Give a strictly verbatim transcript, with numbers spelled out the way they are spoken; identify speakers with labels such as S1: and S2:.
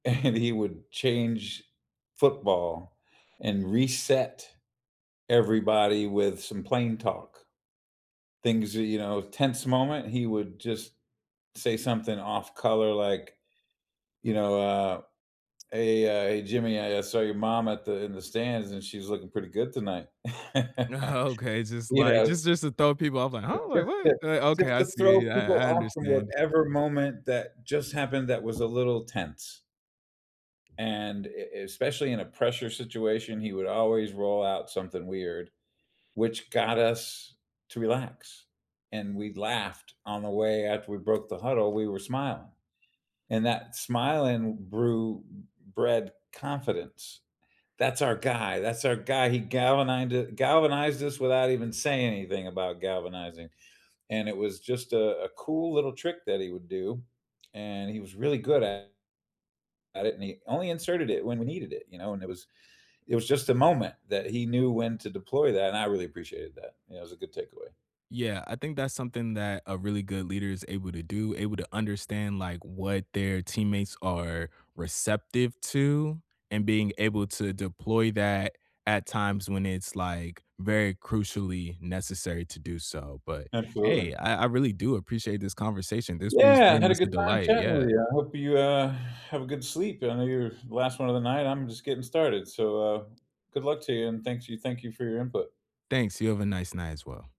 S1: And he would change football and reset everybody with some plain talk. Things that, you know tense moment, he would just say something off color like, you know, uh, "Hey, uh, hey, Jimmy, I, uh, saw your mom at the in the stands, and she's looking pretty good tonight,"
S2: Okay, just,
S1: you
S2: like
S1: know
S2: just just to throw people off like,
S1: uh,
S2: "Oh, wait,
S1: just
S2: what?"
S1: to
S2: Eh, okay,
S1: just
S2: I
S1: to throw
S2: see,
S1: people
S2: I I
S1: off from
S2: understand.
S1: whatever moment that just happened that was a little tense. And e especially in a pressure situation, he would always roll out something weird, which got us to relax, and we laughed on the way after we broke the huddle, we were smiling, and that smiling brew bred confidence. That's our guy, that's our guy, he galvanined galvanized us without even saying anything about galvanizing, and it was just a a cool little trick that he would do, and he was really good at at it, and he only inserted it when we needed it, you know, and it was it was just a moment that he knew when to deploy that, and I really appreciated that, it was a good takeaway.
S2: Yeah, I think that's something that a really good leader is able to do, able to understand, like, what their teammates are receptive to and being able to deploy that at times when it's, like, very crucially, necessary to do so, but,
S1: Absolutely.
S2: hey, I I really do appreciate this conversation, this was
S1: Yeah,
S2: very
S1: had a
S2: much a
S1: good time
S2: delight,
S1: chatting
S2: yeah.
S1: with you, I hope you, uh, have a good sleep. I know you're the last one of the night, I'm just getting started. So, uh, good luck to you, and thanks you thank you for your input.
S2: Thanks, you have a nice night as well.